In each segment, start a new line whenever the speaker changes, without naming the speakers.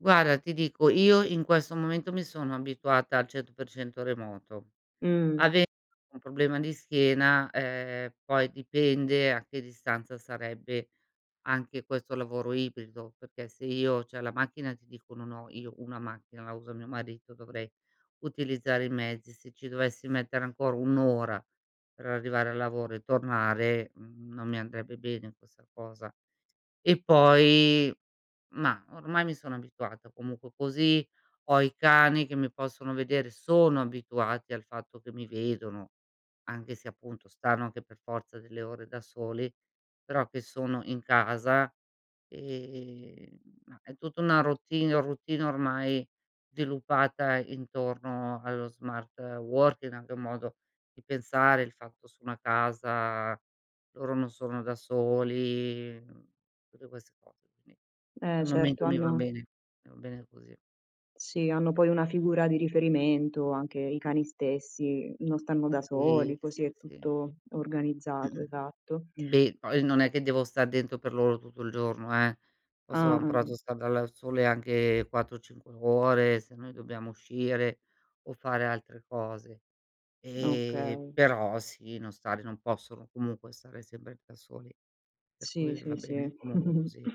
Guarda, ti dico, io in questo momento mi sono abituata al 100% a remoto.
Mh.
Ave un problema di schiena, ehm, poi dipende a che distanza sarebbe anche questo lavoro ibrido, perché se io c'è la macchina e ti dico, non ho, io, una macchina, la usa mio marito dovrei utilizzare i mezzi, se ci dovessi mettere ancora 1 ora per arrivare al lavoro e tornare, mhmm, non mi andrebbe bene questa cosa. E poi mah, ormai mi sono abituata, comunque così, ho i cani che mi possono vedere, sono abituati al fatto che mi vedono, anche se, appunto, stanno anche per forza delle ore da soli, però che sono in casa, ehm, mah è tutta una routine routine ormai sviluppata intorno allo smart working anche un modo di pensare, il fatto su una casa, loro non sono da soli, mhmm, tutte queste cos qui
Eh,
al
certo
momento mi va
hanno
bene mi va bene così.
Sì, hanno poi una figura di riferimento, anche i cani stessi, non stanno da
Sì,
soli, così è
sì, sì.
tutto organizzato,
Mh-mh.
esatto.
Beh, poi non è che devo star dentro per loro tutto il giorno, eh. Posso
Ah, ah,
un prato
mh.
star dal al sole anche 4, 5 ore, se noi dobbiamo uscire o fare altre cose. E
Okay.
però sì, non stare non possono, comunque, stare sempre da soli. Per
Sì,
cui va
sì,
bene
sì.
un lavoro così.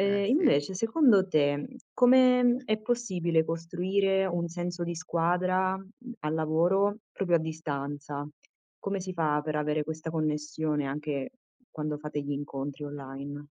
Eh, sì.
invece, secondo te, come è possibile costruire un senso di squadra, mhmm, al lavoro proprio a distanza come si fa, per avere questa connessione, anche quando fate gli incontri online?